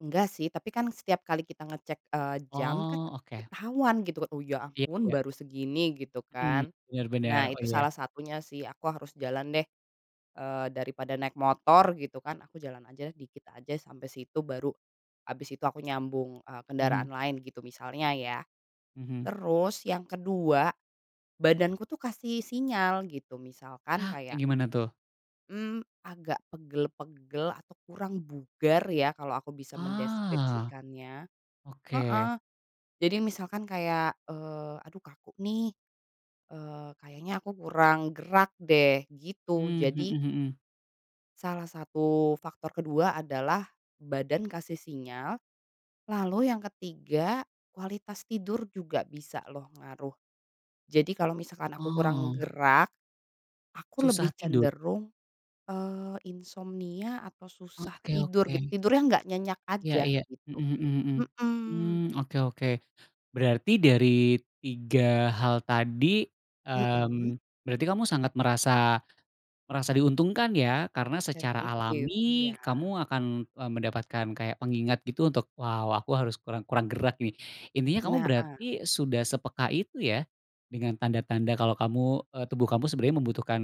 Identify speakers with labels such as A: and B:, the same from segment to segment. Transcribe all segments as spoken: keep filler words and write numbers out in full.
A: Enggak sih, tapi kan setiap kali kita ngecek, eee, jam kan,
B: Oh, oke.
A: ketahuan gitu, "Oh, ya
B: Iya
A: ampun,
B: iya.
A: baru segini", gitu
B: Mhm.
A: kan.
B: Bener bener,
A: Nah,
B: oh,
A: itu
B: ya.
A: salah satunya sih, aku harus jalan deh, eee, daripada naik motor, gitu kan, aku jalan aja, dikit aja sampai situ, baru habis itu aku nyambung, eee,
B: Mhm.
A: kendaraan lain, gitu, misalnya, ya.
B: Mhm.
A: Terus yang kedua, badanku tuh kasih sinyal, gitu, misalkan
B: Nah, kayak
A: kayak
B: gimana, tuh?
A: Mmm, agak pegel-pegel atau kurang bugar ya, kalau aku bisa
B: Ah.
A: mendeskripsikannya. Heeh.
B: Oke.
A: Jadi misalkan kayak, eee, aduh kaku nih, eee, kayaknya aku kurang gerak deh, gitu.
B: Mmm,
A: Jadi
B: mhm mhm.
A: salah satu faktor kedua adalah badan kasih sinyal, lalu yang ketiga kualitas tidur juga bisa loh, ngaruh, Jadi kalau misalkan aku kurang
B: Oh.
A: gerak, aku
B: Susah
A: lebih
B: tidur.
A: cenderung, eee, insomnia atau
B: E
A: susah
B: oke,
A: tidur, git
B: oke.
A: tidurnya nggak nyenyak
B: Ya
A: aja,
B: ya.
A: gitu,
B: Mhm mhm -mhm.
A: mhm.
B: Mmm, oke oke. Berarti dari tiga hal tadi,
A: Mhm.
B: mmm, berarti kamu sangat merasa merasa diuntungkan ya karena secara
A: Sensitif,
B: alami
A: iya.
B: kamu akan, e mendapatkan kayak pengingat, gitu, untuk, "Wow, aku harus kurang kurang gerak nih", intinya kamu
A: Na ah.
B: berarti sudah sepeka itu ya, dengan tanda-tanda kalau kamu, eee, tubuh kamu sebenarnya membutuhkan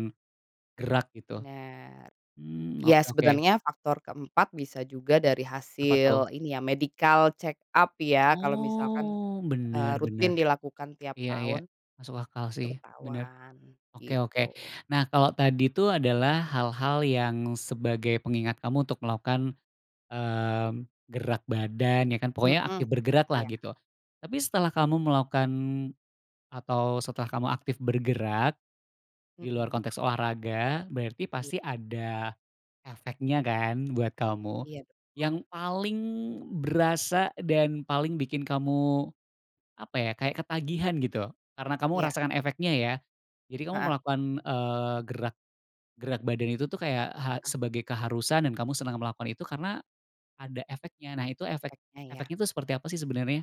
B: gerak, gitu.
A: Bener.
B: Hmm,
A: Ya,
B: oke oke.
A: sebenarnya faktor keempat bisa juga dari
B: Apa, tuh?
A: hasil ini ya, medical check-up ya, kalau misalkan,
B: Oh,
A: eee,
B: bener, bener.
A: rutin dilakukan tiap
B: Iya iya.
A: tahun,
B: Masuk akal
A: itu
B: sih, bener.
A: ketahuan,
B: Oke
A: gitu.
B: oke. Nah, kalo tadi tuh adalah hal-hal yang sebagai pengingat kamu untuk melakukan, mmm, gerak badan, ya kan, pokoknya
A: Mhm.
B: aktif bergerak lah,
A: Iya.
B: gitu. Tapi setelah kamu melakukan atau setelah kamu aktif bergerak, di luar
A: Mhm.
B: konteks olahraga, berarti
A: Iya.
B: pasti ada efeknya kan buat kamu.
A: Iya, betul.
B: Yang paling berasa dan paling bikin kamu, apa ya, kayak ketagihan, gitu, karena kamu
A: Iya.
B: merasakan efeknya, ya? Jadi kamu
A: Heeh.
B: melakukan, eee, gerak gerak badan itu tuh kayak ha
A: Heeh.
B: sebagai keharusan dan kamu senang melakukan itu karena ada efeknya. Nah, itu efek
A: Efeknya, ya?
B: efeknya itu seperti apa sih sebenarnya?